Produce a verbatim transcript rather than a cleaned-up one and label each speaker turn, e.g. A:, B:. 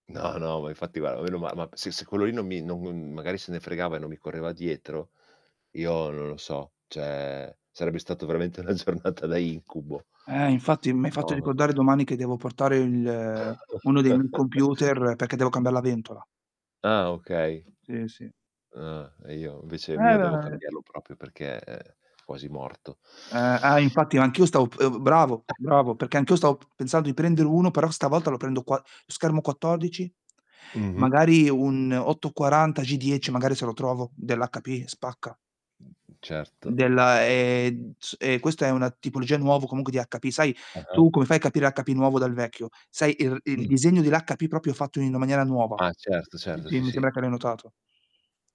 A: No, no, ma infatti guara, meno ma ma p se se quello lì non mi non non magari se ne fregava e non mi correva dietro, io non lo so, ceh sarebbe stato veramente 'na giornata da incubo.
B: Eh, infatti m'hai fatto
A: Mamma
B: ricordare
A: mia.
B: domani che devo portare il ehm, uno dei miei computer, perché devo cambiar la ventola.
A: Ah, okay.
B: Sì, sì.
A: Ah e io invece mio devo
B: [unintelligible]
A: cambiarlo propio perché è quasi morto.
B: Eh, ah, infatti anch'io stavo p ehm, bravo, bravo, perché anch'io stavo p pensando di prendere uno, però stavolta lo prendo qua schermo quattodici,
A: Mh-mh.
B: magari un otto quaranta G10 magari se lo trovo dell'HP, spacca.
A: Certo.
B: Della, ehm, z ehm, questo è una tipologia nuovo comunque di HP. Sai
A: Ah-ah.
B: tu come fai a capire HP nuovo dal vecchio? Sai il il
A: Mh.
B: disegno dell'HP propio fatto in una maniera nuova?
A: Ah, certo,
B: Sì,
A: certo,
B: si,
A: sì,
B: mi
A: sì.
B: sembra che l'hai notato.